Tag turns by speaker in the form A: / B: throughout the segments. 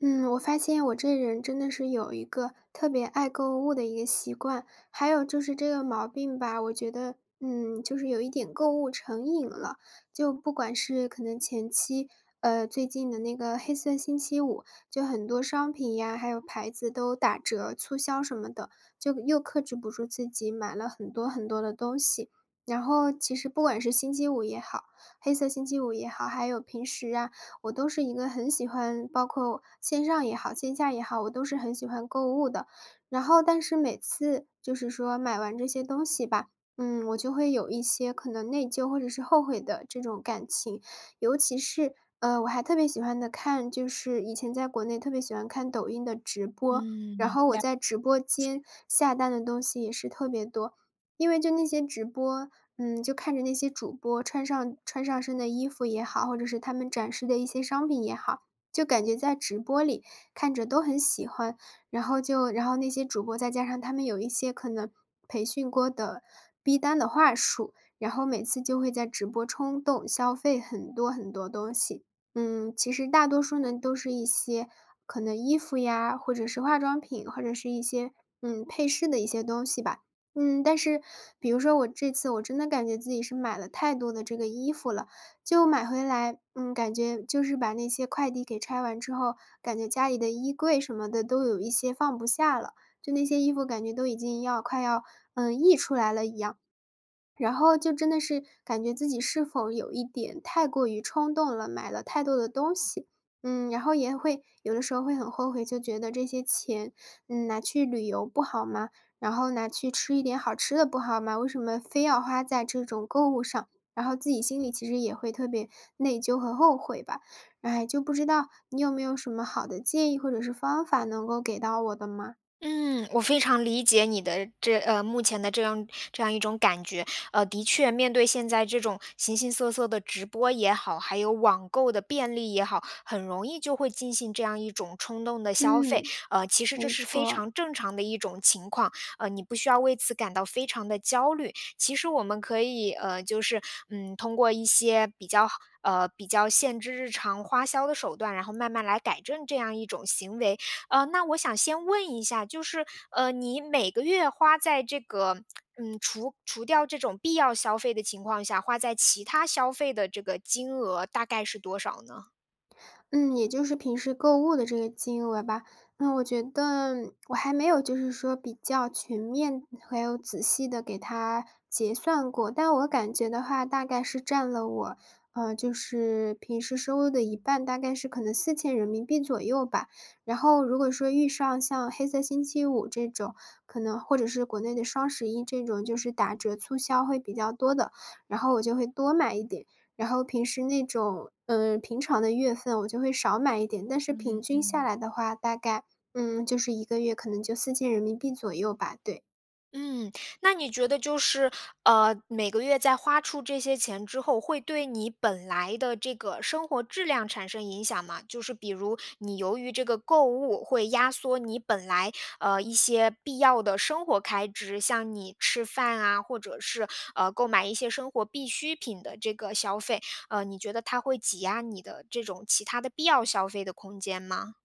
A: 嗯，我发现我这人真的是有一个特别爱购物的一个习惯，还有就是这个毛病吧，我觉得，嗯，就是有一点购物成瘾了。就不管是可能前期，呃，最近的那个黑色星期五，就很多商品呀，还有牌子都打折促销什么的，就又克制不住自己，买了很多很多的东西。然后其实不管是星期五也好黑色星期五也好，还有平时啊，我都是一个很喜欢-包括线上也好，线下也好-我都是很喜欢购物的。然后但是每次就是说买完这些东西吧，嗯，我就会有一些可能内疚，或者是后悔的这种感情。尤其是，呃，我还特别喜欢的看就是以前在国内特别喜欢看抖音的直播，然
B: 嗯，
A: 后我
B: 了
A: 在直播
B: 解。
A: 间下单的东西也是特别多。因为就那些直播，嗯，就看着那些主播穿上穿上身的衣服也好，或者是他们展示的一些商品也好，就感觉在直播里看着都很喜欢。然后就然后那些主播，再加上他们有一些可能培训过的逼单的话术，然后每次就会在直播冲动消费很多很多东西。嗯，其实大多数呢，都是一些可能衣服呀，或者是化妆品，或者是一些，嗯，配饰的一些东西吧。嗯，但是比如说我这次我真的感觉自己是买了太多的这个衣服了，就买回来，嗯，感觉就是把那些快递给拆完之后，感觉家里的衣柜什么的都有一些放不下了，就那些衣服感觉都已经要快要，嗯，溢出来了一样。然后就真的是感觉自己是否有一点太过于冲动了，买了太多的东西。嗯，然后也会有的时候会很后悔，就觉得这些钱拿去旅游不好吗？然后拿去吃一点好吃的不好吗？为什么非要花在这种购物上？然后自己心里其实也会特别内疚和后悔吧。唉，就不知道你有没有什么好的建议，或者是方法能够给到我的吗？
B: 嗯，我非常理解你的这呃，目前的这样这样一种感觉。呃，的确面对现在这种形形色色的直播也好，还有网购的便利也好，很容易就会进行这样一种冲动的消费。
A: 嗯，
B: 呃，其实这
A: 没
B: 是非
A: 错。
B: 常正常的一种情况，呃，你不需要为此感到非常地焦虑。其实我们，可以，呃，就是，嗯，通过一些比较呃，比较限制日常花销的手段，然后慢慢来改正这样一种行为。呃，那我想先问一下，就是，呃，你每个月花在这个，嗯，除除掉这种必要消费的情况下，花在其它消费的这个金额大概是多少呢？
A: 嗯，也就是平时购物的这个金额吧。嗯，我觉得我还没有就是说比较全面，还有仔细地给它结算过，但我感觉的话，大概是占了我，呃，就是平时收入的一半，大概是可能¥4000左右吧。然后如果说，遇上像黑色星期五这种，可能或者是国内的双十一这种，就是打折促销会比较多的，然后我就会多买一点。然后平时那种，嗯，平常的月份我就会少买一点。但是平
B: 嗯
A: 均下
B: 嗯。
A: 来的话，大概，嗯，就是一个月可能就¥4000左右吧，对。
B: 嗯，那你觉得就是，呃，每个月在花出这些钱之后，会对你本来的这个生活质量产生影响吗？就是比如，你由于这个购物会压缩你本来，呃，一些必要的生活开支，像你吃饭啊，或者是，呃，购买一些生活必需品的这个消费。呃，你觉得它会挤压你的这种其它的必要消费的空间吗？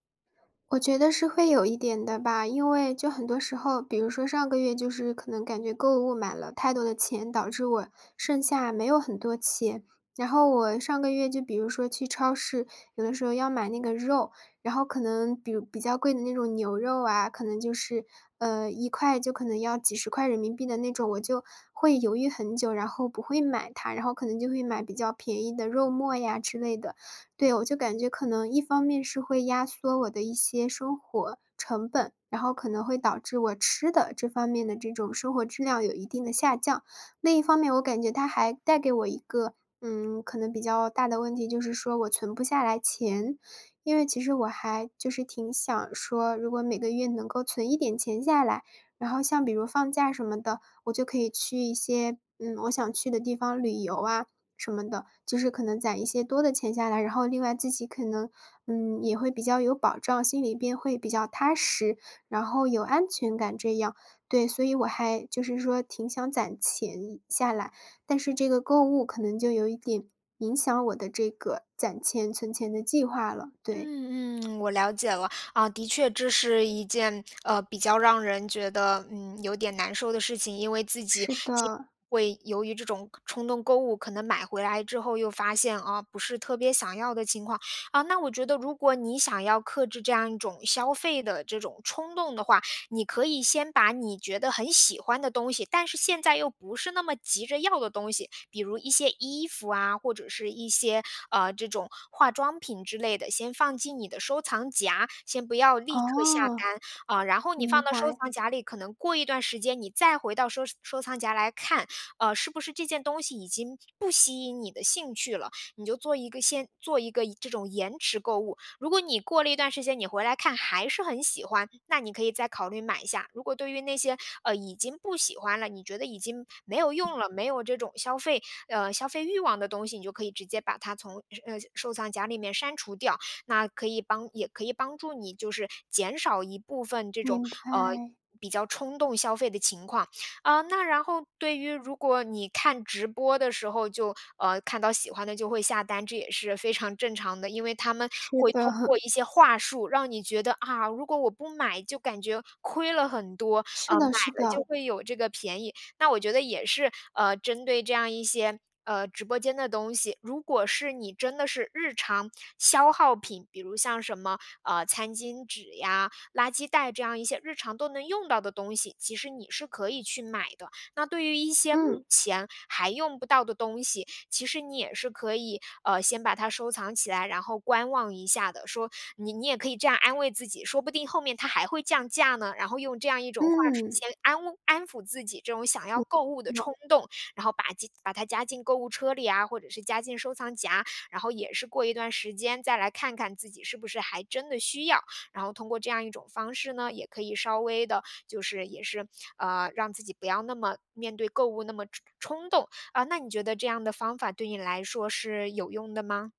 A: 我觉得是会有一点的吧。因为就很多时候比如说上个月，就是可能感觉购物买了太多的钱，导致我剩下没有很多钱。然后我上个月就比如说去超市，有的时候要买那个肉，然后可能比如比较贵的那种牛肉啊，可能就是，呃，1块就可能要几十块人民币的那种，我就会犹豫很久，然后不会买它，然后可能就会买比较便宜的肉末呀之类的。对，我就感觉可能一方面是会压缩我的一些生活成本，然后可能会导致我吃的这方面的这种生活质量，有一定的下降。另一方面，我感觉它还带给我一个，嗯，可能比较大的问题，就是说我存不下来钱。因为其实我还就是挺想说如果每个月能够存一点钱下来，然后像比如放假什么的，我就可以去一些，嗯，我想去的地方旅游啊什么的，就是可能攒一些多的钱下来。然后另外自己可能，嗯，也会比较有保障，心里边会比较踏实，然后有安全感这样。对，所以我还就是说挺想攒钱下来，但是这个购物，可能就有一点影响我的这个攒钱、存钱的计划了，对。
B: 嗯嗯，我了解了。啊，的确，这是一件，呃，比较让人觉得，嗯，有点难受的事情。因为自己
A: 是
B: 经常
A: 的。
B: 会由于这种冲动购物，可能买回来之后又发现：“哦，不是特别想要的情况”。啊，那我觉得如果你想要克制这样一种消费的这种冲动的话，你可以先把你觉得很喜欢的东西，但是现在又不是那么急着要的东西，比如一些衣服啊，或者是一些，呃，这种化妆品之类的，先放进你的收藏夹，先不要立刻下
A: 哦，
B: 单。呃，然后你放
A: 明
B: 到收
A: 白。
B: 藏夹里，可能过一段时间你再回到收收藏夹来看，呃，是不是这件东西已经不吸引你的兴趣了，你就做一个先做一个延这种延迟购物。如果你过了一段时间，你回来看还是很喜欢，那你可以再考虑买一下。如果对于那些，呃，已经不喜欢了，你觉得已经没有用了，没有这种消费呃，消费欲望的东西，你就可以直接把它从呃，收藏夹里面删除掉，那可以帮也可以帮助你就是减少一部分这种，
A: 明
B: 呃，
A: 白。
B: 比较冲动消费的情况。啊，那然后对于如果你看直播的时候就呃，看到喜欢的就会下单，这也是非常正常的。因为他们
A: 是
B: 会通
A: 的。
B: 过一些话术，让你觉得：“啊，如果我不买就感觉亏了很多，
A: 是
B: 呃，买
A: 的是
B: 了就
A: 的。
B: 会有这个便宜。”那我觉得也是，呃，针对这样一些，呃，直播间的东西，如果是你真的是日常消耗品，比如像什么，呃，餐巾纸呀，垃圾袋这样一些日常都能用到的东西，其实你是可以去买的。那对于一些目
A: 嗯。
B: 前还用不到的东西，其实你也是可以，呃，先把它收藏起来，然后观望一下的。说你你也可以这样安慰自己，说不定后面它还会降价呢？然后用这样一种话术
A: 嗯。
B: 先安慰安抚自己这种想要
A: 嗯，
B: 购物的
A: 嗯。
B: 冲动，然后把进把它加进购物车里啊，或者是加进收藏夹。然后也是过一段时间，再来看看自己是不是还真的需要，然后通过这样一种方式呢，也可以稍微的就是也是，呃，让自己不要那么面对购物那么冲冲动。呃，那你觉得这样的方法，对你来说是有用的吗？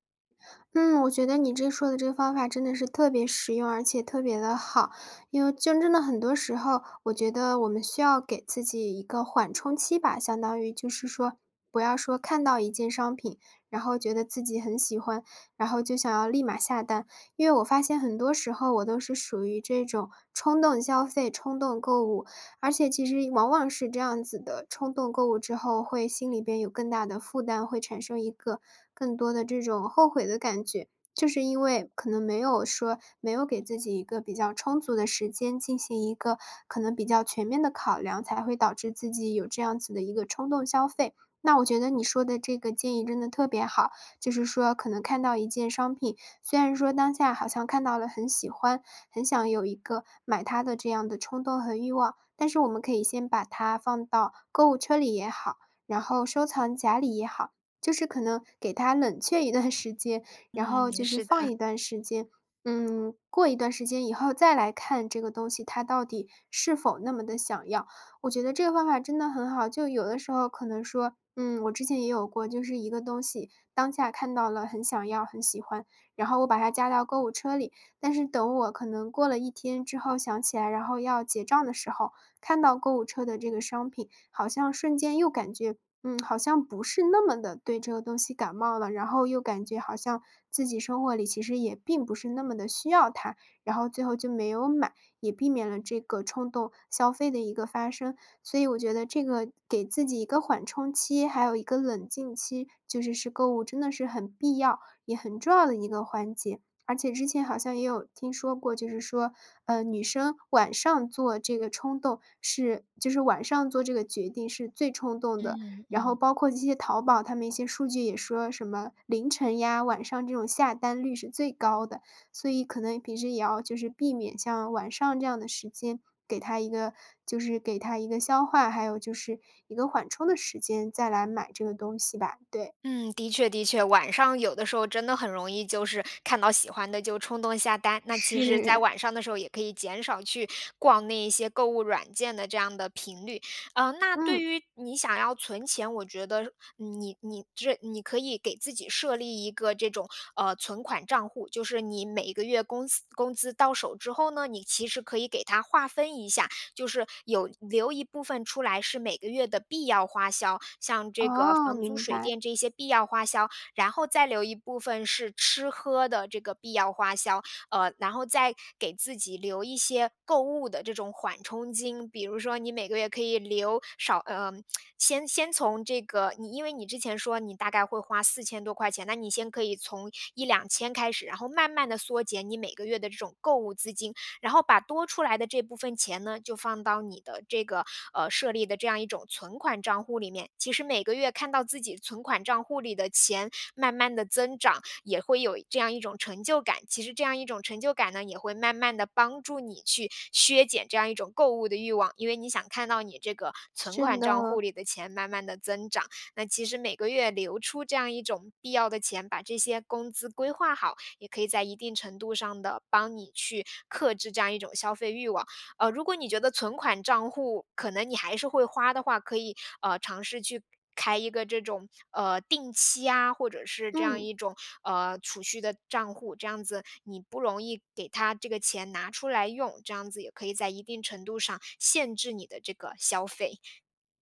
A: 嗯，我觉得你这说的这个方法真的是特别实用，而且特别地好。因为真正的很多时候，我觉得我们需要给自己一个缓冲期吧，相当于就是说不要说看到一件商品，然后觉得自己很喜欢，然后就想要立马下单。因为我发现很多时候，我都是属于这种冲动消费、冲动购物。而且其实往往是这样子的冲动购物之后，会心里边有更大的的负担，会产生一个更多的这种后悔的感觉。就是因为，可能没有说没有给自己一个比较充足的时间，进行一个可能比较全面的考量，才会导致自己有这样子的一个冲动消费。那我觉得你说的这个建议真的特别好，就是说可能看到一件商品，虽然说当下好像看到了很喜欢，很想有一个买它的这样的冲动和欲望。但是我们可以先把它放到购物车里也好，然后收藏夹里也好，就是可能给它冷却一段时间，然
B: 嗯，
A: 后就是
B: 是
A: 放
B: 的。
A: 一段时间嗯，过一段时间以后再来看这个东西，它到底是否那么地想要。我觉得这个方法真的很好，就有的时候可能说，嗯，我之前也有过，就是一个东西，当下看到了很想要，很喜欢，然后我把它加到购物车里，但是等我可能过了一天之后想起来，然后要结账的时候，看到购物车的这个商品，好像瞬间又感觉，嗯，好像不是那么地对这个东西感冒了。然后又感觉好像自己生活里，其实也并不是那么地需要它，然后最后就没有买，也避免了这个冲动消费的一个发生。所以我觉得这个给自己一个缓冲期，还有一个冷静期，就是是购物真的是很必要，也很重要的一个环节。而且之前好像也有听说过，就是说，呃，女生晚上做这个冲动是就是晚上做这个决定是最冲动的。
B: 嗯
A: 然后
B: 嗯。
A: 包括这些淘宝，它们一些数据也说什么凌晨呀，晚上这种下单率是最高的。所以可能平时也要就是避免像晚上这样的时间，给它一个就是给它一个消化，还有就是一个缓冲的时间，再来买这个东西吧，对。
B: 嗯，的确的确。晚上有的时候真的很容易，就是看到喜欢的就冲动下单。那其实在
A: 是。
B: 晚上的时候，也可以减少去逛那一些购物软件的这样的频率。呃，那对
A: 嗯。
B: 于你想要存钱，我觉得你你这你可以给自己设立一个这种，呃，存款账户。就是你每个月工资工资到手之后呢，你其实可以给它划分一下，就是有留一部分出来是每个月的必要花销，像这个
A: 哦，
B: 房租
A: 明
B: 水
A: 白。
B: 电这些必要花销，然后再留一部分是吃喝的这个必要花销。呃，然后再给自己留一些购物的这种缓冲金，比如说你每个月可以留少呃，先先从这个你因为你之前说你大概会花4000多块钱，那你先可以从1000-2000开始，然后慢慢地缩减你每个月的这种购物资金。然后把多出来的这部分钱呢，就放到你的这个，呃，设立的这样一种存款账户里面。其实每个月看到自己存款账户里的钱慢慢地增长，也会有这样一种成就感，其实这样一种成就感呢，也会慢慢地帮助你去削减这样一种购物的欲望。因为你想看到你这个存
A: 是
B: 款账户
A: 的。
B: 里的钱慢慢地增长，那其实每个月留出这样一种必要的钱，把这些工资规划好，也可以在一定程度上地，帮你去克制这样一种消费欲望。呃，如果你觉得存款账户，可能你还是会花的话，可以，呃，尝试去开一个这种，呃，定期啊，或者是这样
A: 嗯。
B: 一种，呃，储蓄的账户。这样子你不容易给它这个钱拿出来用，这样子也可以在一定程度上限制你的这个消费。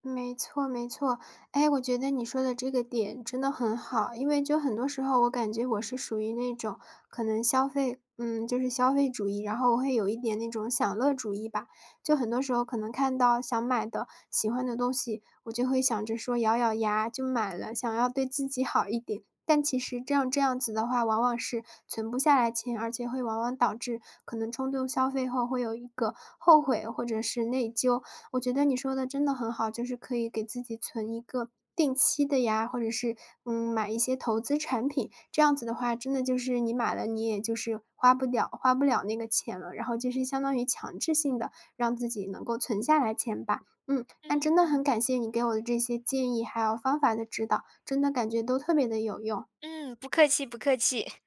A: 没错没错。诶，我觉得你说的这个点真的很好。因为就很多时候，我感觉我是属于那种可能消费嗯，就是消费主义，然后我会有一点那种享乐主义吧。就很多时候可能看到想买的、喜欢的东西，我就会想着说咬咬牙就买了，想要对自己好一点。但其实这样这样子的话，往往是存不下来钱，而且会往往导致可能冲动消费后，会有一个后悔或者是内疚。我觉得你说的真的很好，就是可以给自己存一个定期的呀，或者是，嗯，买一些投资产品。这样子的话，真的就是你买了，你也就是花不了花不了那个钱了，然后就是相当于强制性地，让自己能够存下来钱吧。嗯，那
B: 嗯
A: 真的
B: 嗯。
A: 很感谢你给我的这些建议还有方法的指导，真的感觉都特别地有用。
B: 嗯，不客气不客气。